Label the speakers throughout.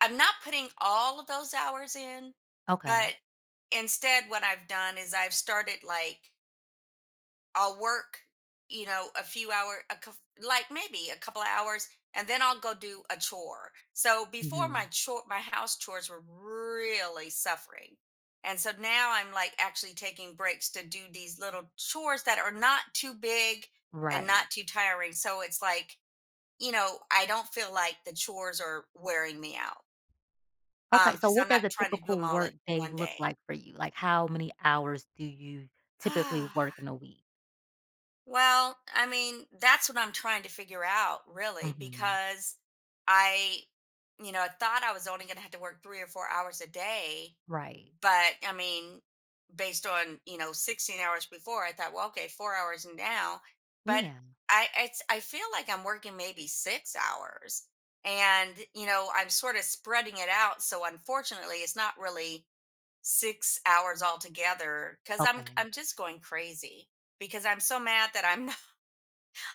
Speaker 1: I'm not putting all of those hours in,
Speaker 2: Okay.
Speaker 1: but, instead what I've done is I've started, like I'll work, you know, a few hour a coup like, maybe a couple of hours, and then I'll go do a chore. So before my
Speaker 2: Mhm.
Speaker 1: chore my house chores were really suffering. And so now I'm, like, actually taking breaks to do these little chores that are not too big and not
Speaker 2: Right.
Speaker 1: too tiring. So It's, like, you know, I don't feel, like, the chores are wearing me out
Speaker 2: Okay,
Speaker 1: um,
Speaker 2: so
Speaker 1: 'cause
Speaker 2: what
Speaker 1: I'm
Speaker 2: does a
Speaker 1: not trying to do
Speaker 2: typical
Speaker 1: 'em all at
Speaker 2: workday
Speaker 1: 1
Speaker 2: look
Speaker 1: day.
Speaker 2: like for you? Like, how many hours do you typically work in a week?
Speaker 1: Well, I mean, that's what I'm trying to figure out, really,
Speaker 2: Mhm.
Speaker 1: because, I you know, I thought I was only going to have to work 3 or 4 hours a day,
Speaker 2: Right.
Speaker 1: but, I mean, based on, you know, 16 hours before, I thought, "Well, okay, 4 hours now" But
Speaker 2: Yeah.
Speaker 1: I it's I feel, like, I'm working maybe 6 hours. And, you know, I'm sort of spreading it out, so unfortunately, it's not really 6 hours altogether 'cause I'm
Speaker 2: Okay.
Speaker 1: I'm just going crazy. Because I'm so mad that I'm no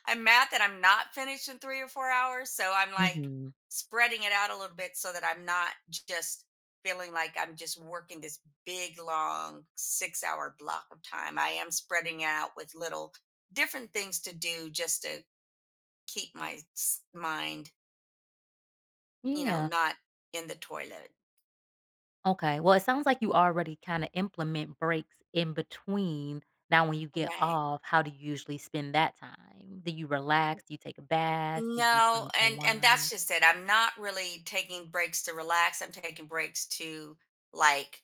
Speaker 1: I'm mad that I'm not finished in 3 or 4 hours, so I'm, like,
Speaker 2: Mhm.
Speaker 1: spreading it out a little bit so that I'm not, just, feeling, like, I'm just working this big, long 6 hour block of time. I am spreading out with little different things to do just to keep my s mind you know,
Speaker 2: Yeah.
Speaker 1: not in the toilet.
Speaker 2: Okay. Well, it sounds like you already kinda implement breaks in between. Now when you get
Speaker 1: Right.
Speaker 2: off, how do you usually spend that time? Do you relax? Do you take a bath? Do you
Speaker 1: No,
Speaker 2: kinda
Speaker 1: and and that's
Speaker 2: unwind?
Speaker 1: just it. I'm not really taking breaks to relax, I'm taking breaks to, like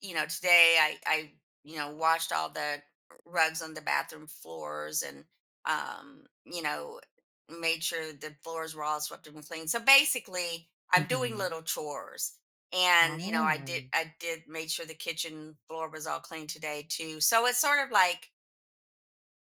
Speaker 1: you know, today, I I, you know, washed all the rugs on the bathroom floors and, um, you know, made sure the floors were all swept up and clean. So basically, I'm doing
Speaker 2: Mhm.
Speaker 1: little chores, and, you know, I did
Speaker 2: Oh.
Speaker 1: I did made sure the kitchen floor was all clean today, too. So it's sort of like